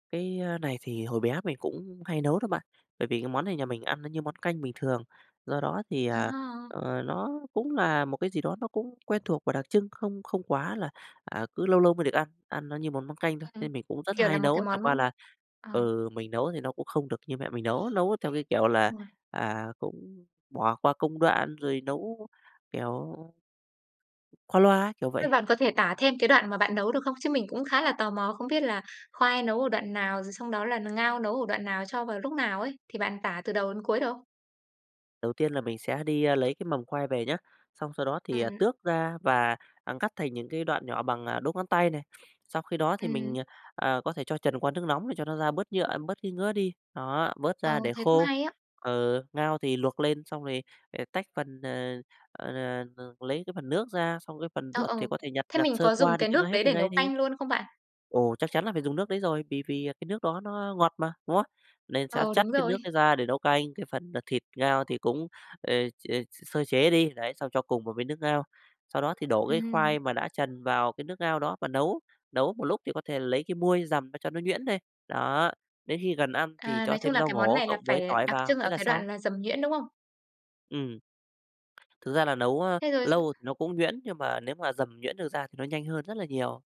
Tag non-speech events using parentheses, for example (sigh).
Cái này thì hồi bé mình cũng hay nấu đó bạn, bởi vì cái món này nhà mình ăn nó như món canh bình thường. Do đó thì, À, à, ồ. ờ, nó cũng là một cái gì đó nó cũng quen thuộc và đặc trưng, không không quá là, à, cứ lâu lâu mới được ăn. Ăn nó như một món canh thôi, Ừm, nên ừm, mình cũng rất là kiểu là hay một cái nấu. Chẳng món qua là ờ. ừ, mình nấu thì nó cũng không được như mẹ mình nấu, nấu theo cái kiểu là, (unintelligible) à, cũng bỏ qua công đoạn rồi nấu, kiểu, qua loa á, kiểu Thế vậy. bạn có thể tả thêm cái đoạn mà bạn nấu được không? Chứ mình cũng khá là tò mò, không biết là khoai nấu ở đoạn nào? Rồi xong đó là ngao nấu ở đoạn nào, cho vào lúc nào ấy? Thì bạn tả từ đầu đến cuối được không? Đầu tiên là mình sẽ đi, a, lấy cái mầm khoai về nhá, xong sau đó thì, à, Ừm. tước ra và, à, cắt thành những cái đoạn nhỏ bằng, à, đốt ngón tay này, sau khi đó thì mình, Ừm. à, à, có thể cho chần qua nước nóng để cho nó ra bớt nhựa, bớt cái ngứa đi, đó, vớt Ờ, ra để thế cũng khô. hay á. Ờ, ngao thì luộc lên xong rồi, à, tách phần à, n n lấy cái phần nước ra, xong cái phần Ờ, ruột ừ. thì có thể nhặt Thế nhặt mình sơ có qua dùng để cái cho nó nước hết đấy để nấu ấy đi. canh luôn không bạn? Ồ, chắc chắn là phải dùng nước đấy rồi, vì vì cái nước đó nó ngọt mà, đúng không? Nên sẽ Ờ, chắt đúng cái nước rồi. đấy ra để nấu canh, cái phần, à, thịt ngao thì cũng, ờ, chê s sơ chế đi, đấy, sau cho cùng vào với nước ngao. Sau đó thì đổ cái Ừm. khoai mà đã chần vào cái nước ngao đó và nấu, nấu một lúc thì có thể lấy cái muôi dầm ra cho nó nhuyễn đi, đó. Đến khi gần ăn thì À, cho nói chung thêm là rau cái món ngổ này là cộng với phải tỏi đặc vào, trưng thế ở là cái xong. đoạn là dầm nhuyễn, đúng không? Ừm. Thực ra là nấu, a, Thế rồi s lâu thì nó cũng nhuyễn nhưng mà nếu mà dầm nhuyễn được ra thì nó nhanh hơn rất là nhiều.